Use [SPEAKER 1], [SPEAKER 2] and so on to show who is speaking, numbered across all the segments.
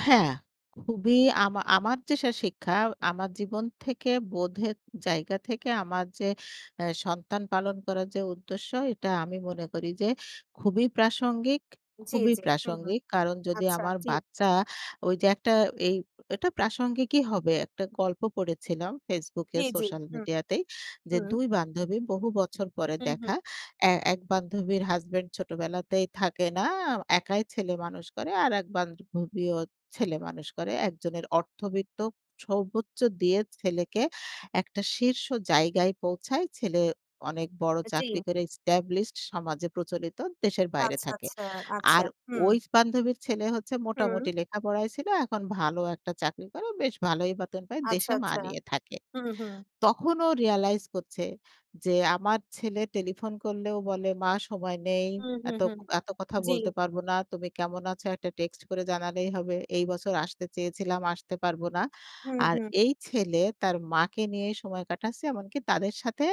[SPEAKER 1] হ্যাঁ। খুবই আমা আমার যে শা শিক্ষা, আমার জীবন থেকে বোধের জায়গা থেকে আমার যে এ সন্তান পালন করার যে উদ্দেশ্য, এটা আমি মনে করি যে খুবই প্রাসঙ্গিক,
[SPEAKER 2] জ্বী,
[SPEAKER 1] খুবই
[SPEAKER 2] জ্বী। হুম, হুম।
[SPEAKER 1] প্রাসঙ্গিক। কারণ যদি
[SPEAKER 2] আচ্ছা,
[SPEAKER 1] আমার
[SPEAKER 2] ঠিক।
[SPEAKER 1] বাচ্চা, ওই যে একটা এই এটা প্রাসঙ্গিকই হবে। একটা গল্প পড়েছিলাম Facebook এ
[SPEAKER 2] জ্বী, জ্বী,
[SPEAKER 1] সোশ্যাল
[SPEAKER 2] হুম।
[SPEAKER 1] মিডিয়াতেই। যে
[SPEAKER 2] হুম।
[SPEAKER 1] ২ বান্ধবী বহু বছর পরে
[SPEAKER 2] হুম, হুম।
[SPEAKER 1] দেখা। এ এক বান্ধবীর হাসব্যান্ড ছোটবেলাতেই থাকে না, একাই ছেলেমানুষ করে। আরেক বান্ধবীও ছেলে মানুষ করে। একজনের অর্থবিত্ত সর্বোচ্চ দিয়ে ছেলেকে একটা শীর্ষ জায়গায় পৌঁছায়, ছেলে অনেক বড়
[SPEAKER 2] আ জ্বী।
[SPEAKER 1] চাকরি করে এস্টাবলিশড, সমাজে প্রচলিত, দেশের বাইরে
[SPEAKER 2] আচ্ছা,
[SPEAKER 1] থাকে।
[SPEAKER 2] আচ্ছা, আচ্ছা।
[SPEAKER 1] আর
[SPEAKER 2] হুম।
[SPEAKER 1] ওই বান্ধবীর ছেলে হচ্ছে
[SPEAKER 2] হুম।
[SPEAKER 1] মোটামুটি লেখাপড়ায় ছিল, এখন ভালো একটা চাকরি করে, বেশ ভালোই বেতন পায়,
[SPEAKER 2] আচ্ছা,
[SPEAKER 1] দেশে মা
[SPEAKER 2] আচ্ছা।
[SPEAKER 1] নিয়ে থাকে।
[SPEAKER 2] হুম, হুম।
[SPEAKER 1] তখন ও রিয়ালাইজ করছে যে, "আমার ছেলে টেলিফোন করলেও বলে, 'মা সময় নেই,
[SPEAKER 2] হুম, হুম,
[SPEAKER 1] এত ক
[SPEAKER 2] হুম।
[SPEAKER 1] এত কথা
[SPEAKER 2] জ্বী।
[SPEAKER 1] বলতে পারব না। তুমি কেমন আছো? একটা টেক্সট করে জানালেই হবে। এই বছর আসতে চেয়েছিলাম, আসতে পারব না।'"
[SPEAKER 2] হুম,
[SPEAKER 1] আর
[SPEAKER 2] হুম।
[SPEAKER 1] এই ছেলে তার মাকে নিয়ে সময় কাটাচ্ছে, এমনকি তাদের সাথে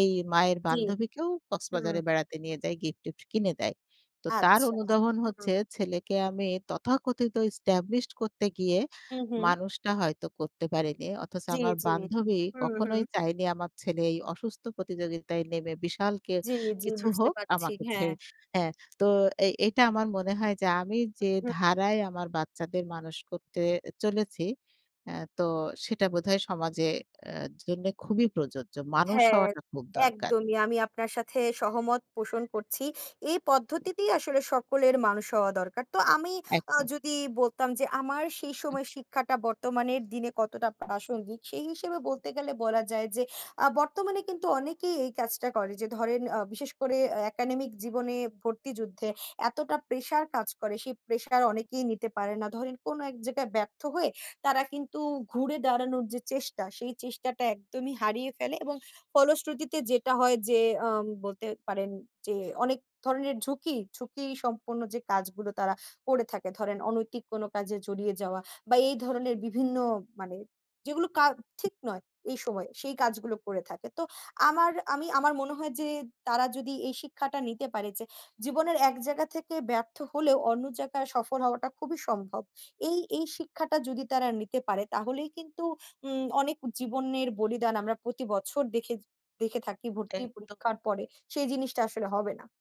[SPEAKER 1] এই মায়ের
[SPEAKER 2] জ্বী।
[SPEAKER 1] বান্ধবীকেও
[SPEAKER 2] হুম।
[SPEAKER 1] কক্সবাজারে বেড়াতে নিয়ে যায়, গিফট-টিফট কিনে দেয়। তো তার
[SPEAKER 2] আচ্ছা,
[SPEAKER 1] অনুধাবন
[SPEAKER 2] হুম।
[SPEAKER 1] হচ্ছে, "ছেলেকে আমি তথাকথিত এস্টাবলিশড করতে গিয়ে,
[SPEAKER 2] হু, হু।
[SPEAKER 1] মানুষটা হয়তো করতে পারিনি। অথচ
[SPEAKER 2] জ্বী,
[SPEAKER 1] আমার
[SPEAKER 2] জ্বী।
[SPEAKER 1] বান্ধবী
[SPEAKER 2] হুম, হুম।
[SPEAKER 1] কখনোই চায়নি আমার ছেলে এই অসুস্থ প্রতিযোগিতায় নেমে, বিশাল কে
[SPEAKER 2] জ্বী, জ্বী,
[SPEAKER 1] কিছু
[SPEAKER 2] বুঝতে
[SPEAKER 1] হোক
[SPEAKER 2] পারছি।
[SPEAKER 1] আমাকে
[SPEAKER 2] হ্যাঁ।
[SPEAKER 1] ছেড়ে" হ্যাঁ, তো এই এটা আমার মনে হয় যে, আমি
[SPEAKER 2] হু,
[SPEAKER 1] যে
[SPEAKER 2] হুম।
[SPEAKER 1] ধারায় আমার বাচ্চাদের মানুষ করতে চলেছি। অ্যাঁ তো সেটা বোধহয় সমাজে আ জন্যে খুবই প্রযোজ্য। মানুষ
[SPEAKER 2] হ্যাঁ,
[SPEAKER 1] হওয়াটা খুব দরকার।
[SPEAKER 2] একদমই। আমি আপনার সাথে সহমত পোষণ করছি। এই পদ্ধতিতেই আসলে সকলের মানুষ হওয়া দরকার। তো আমি আ
[SPEAKER 1] একদম।
[SPEAKER 2] যদি বলতাম যে, আমার সেই
[SPEAKER 1] হুম।
[SPEAKER 2] সময় শিক্ষাটা বর্তমানের দিনে কতটা প্রাসঙ্গিক? সেই হিসেবে বলতে গেলে বলা যায় যে, আ বর্তমানে কিন্তু অনেকেই এই কাজটা করে যে ধরেন আ বিশেষ করে, অ্যা একাডেমিক জীবনে ভর্তি যুদ্ধে, এতটা প্রেশার কাজ করে, সেই প্রেশার অনেকেই নিতে পারে না। ধরেন কোন এক জায়গায় ব্যর্থ হয়ে, তারা কিন্তু ঘুরে দাঁড়ানোর যে চেষ্টা, সেই চেষ্টাটা একদমই হারিয়ে ফেলে এবং ফলশ্রুতিতে যেটা হয় যে, আম বলতে পারেন যে অনেক ধরনের ঝুঁকি, ঝুঁকি সম্পন্ন যে কাজগুলো, তারা করে থাকে। ধরেন অনৈতিক কোন কাজে জড়িয়ে যাওয়া বা এই ধরনের বিভিন্ন মানে, যেগুলো কা ঠিক নয়, এই সময়ে। সেই কাজগুলো করে থাকে। তো আমার আমি, আমার মনে হয় যে তারা যদি এই শিক্ষাটা নিতে পারে যে, জীবনের এক জায়গা থেকে ব্যর্থ হলেও, অন্য জায়গায় সফর হওয়াটা খুবই সম্ভব। এই, এই শিক্ষাটা যদি তারা নিতে পারে তাহলেই কিন্তু উম অনেক জীবনের বলিদান আমরা প্রতি বছর দেখে দেখে থাকি
[SPEAKER 1] এই,
[SPEAKER 2] ভর্তি
[SPEAKER 1] তো
[SPEAKER 2] পরীক্ষার পরে, সেই জিনিসটা আসলে হবে না।